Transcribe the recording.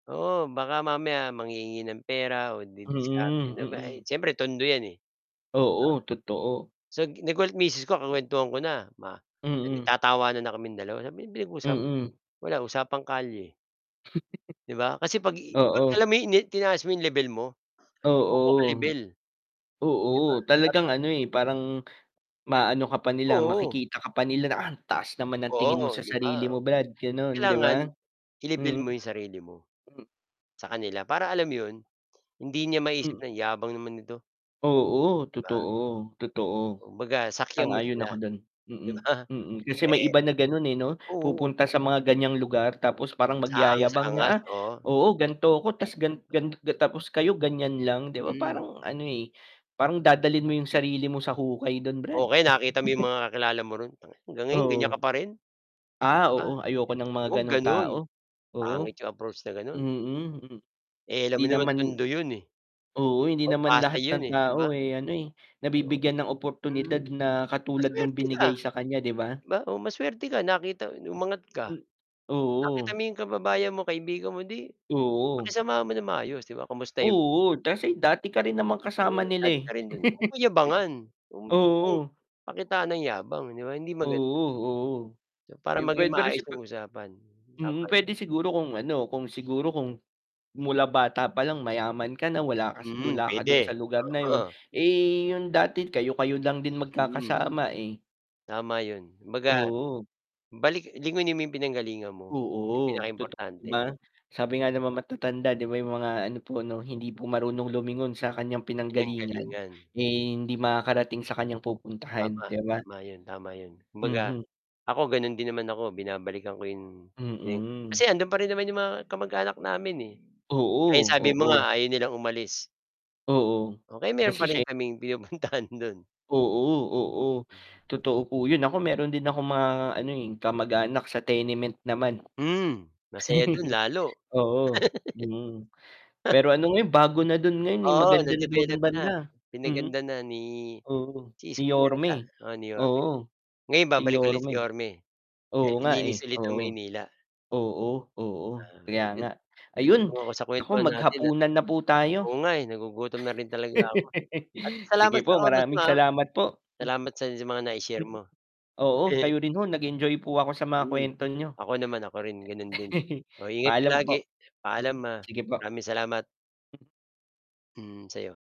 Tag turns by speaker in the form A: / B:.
A: Oo, baka mamaya, manghihingi ng pera o didiskarte
B: Mm,
A: na may
B: mm.
A: siyempre Tondo 'yan, eh, 'di ba.
B: Oo, totoo.
A: So, gi nagulat misis ko, kukuwentuhan ko na, ma eh,
B: Mm.
A: nagtatawanan na kaming dalawa, sabi, "Ano pinag-usapan
B: Mm.
A: wala usapang kalye." 'Di ba, kasi 'pag ii 'pag, alam
B: Oo.
A: mo 'yon, inen tinaas mo yung level mo, parang, "'Di mo ako
B: Oo.
A: ka-level". 'Di
B: Oo,
A: ba,
B: talagang
A: batang
B: ano, eh, parang, maano ka pa nila,
A: Oo.
B: makikita ka pa nila na, "Ang taas naman ng tingin mo
A: Oo,
B: sa
A: 'di ba,
B: sarili mo brad", gano'n, 'di
A: kailangan,
B: ba?
A: i-level
B: Mm.
A: mo, yung sarili mo,
B: Hmm.
A: sa kanila, para alam mo 'yon, hindi niya maisip
B: Mm.
A: na, "Yabang naman nito".
B: Oo,
A: 'Di ba?
B: totoo, totoo.
A: Kumbaga, sakyan mo
B: Sang-ayon
A: sila,
B: ako do'n,
A: 'di
B: mm,
A: ba,
B: mm. Kasi, may
A: eh
B: iba na gano'n, eh, 'no?
A: oo.
B: Pupunta sa mga ganyang lugar, tapos parang
A: Ta's,
B: magyayabang na,
A: aangas-angas,
B: "Ah,
A: oo.
B: oo, gan'to ako,
A: And
B: tas gan gan ga tapos kayo ganyan lang", 'di ba,
A: Mhm.
B: parang ano, eh, parang dadalhin mo yung sarili mo sa hukay do'n brad.
A: O kaya nakita mo yung mga kakilala mo ro'n, tang "Hanggang ngayon ganyan
B: Oo.
A: ka pa rin", 'di
B: Ah,
A: ba?
B: oo, ayoko ng mga
A: Huwag
B: gano'ng
A: gano'n,
B: tao, oo,
A: pangit yung approach na gano'n.
B: mm, hmm.
A: Eh, alam
B: 'Di
A: mo naman,
B: naman
A: Tondo 'yon, eh,
B: oo, hindi
A: o,
B: naman
A: pasa
B: lahat
A: 'yon,
B: ng
A: eh, 'di ba?
B: tao, eh, ano, eh, nabibigyan ng
A: Hmm,
B: oportunidad na katulad no'ng
A: masuwerte ka,
B: binigay sa kanya, 'di ba?
A: 'di ba, o masuwerte ka, nakita no'ng umangat ka,
B: M
A: nakita
B: oo.
A: mo yung kababayan mo, kaibigan mo, 'di,
B: Oo.
A: pakisamahan mo nang maayos, 'di ba? Kumustahin mo.
B: Oo, kasi dati ka rin namang kasama
A: Oo,
B: nila,
A: dati
B: eh.
A: ka rin don, eh, huwag mong yabangan, huwag mong
B: Oo.
A: pakitaan ng yabang, 'di ba? Hindi maganda.
B: Oo oo.
A: Para
B: Yung
A: maging
B: puwede rin
A: maayos
B: sipa
A: yung usapan. Tama
B: mm,
A: din.
B: puwede siguro kung ano, kung siguro kung, mula bata pa lang mayaman ka na, wala ka sa
A: Mm,
B: wala ka do'n sa
A: puwede,
B: lugar na 'yon,
A: oo.
B: eh, yung dati kayo-kayo lang din
A: Mm.
B: magkakasama, eh.
A: Tama 'yon, kumbaga,
B: Oo.
A: balik lingunin mo yung pinanggalingan mo, 'yon ang
B: Oo, totoo, 'di
A: pinakaimportante.
B: ba? Sabi nga ng mga matatanda, 'di ba? Yung mga ano po ano, "Hindi po
A: Mm.
B: marunong lumingon sa kanyang pinanggalingan,
A: Pinanggalingan.
B: eh, hindi makakarating sa kanyang
A: Tama,
B: pupuntahan", 'di ba?
A: tama 'yon, tama 'yon. Kumbaga,
B: Mhm.
A: ako gano'n din naman ako, binabalikan ko yung, pinang
B: Mm.
A: kasi, ando'n pa rin naman yung mga kamag-anak namin, eh, ayun,
B: Oo,
A: sabi mo
B: oo.
A: nga, ayaw nilang umalis.
B: Oo,
A: Oh, kaya meron pa
B: kasi
A: rin
B: siya y
A: kaming pinupuntahan do'n.
B: Oo, oo,
A: Mhm.
B: totoo po 'yon. Ako meron din akong mga ano, eh, kamag-anak sa Tenement naman.
A: Hmm, masaya do'n lalo.
B: Oo, mm, pero ano ngayon, bago na do'n ngayon, eh,
A: Oo,
B: maganda na daw do'n
A: na-develop na.
B: banda, hmm.
A: Pinaganda na ni
B: Oo,
A: si
B: ni
A: Isko
B: Yorme,
A: yata, oo, ni Yorme.
B: oo,
A: Ngayon
B: si
A: babalik ulit si
B: Yorme.
A: Yorme, kaya
B: Oo nga, eh,
A: lilinis ulit ang
B: oo.
A: Maynila.
B: Oo, oo,
A: Ah
B: kaya
A: 'yun
B: nga, ayun,
A: [unintelligible] ako sa
B: naku
A: kuwentuhan natin, ah.
B: maghapunan na po tayo.
A: Oo nga, eh, nagugutom na rin talaga ako, at
B: Sige
A: salamat sa
B: po,
A: oras mo,
B: maraming
A: ah.
B: salamat po, mm.
A: Salamat sa sa mga nai-share
B: Mm,
A: mo.
B: oo, kayo rin ho, nag-enjoy po ako sa mga
A: Mm,
B: kuwento niyo.
A: ako naman, ako rin gano'n din. Oh, ingat ka
B: Paalam
A: lagi,
B: po,
A: paalam,
B: mm,
A: ah,
B: sige po.
A: maraming salamat.
B: Hmm.
A: Hmm, sa'yo.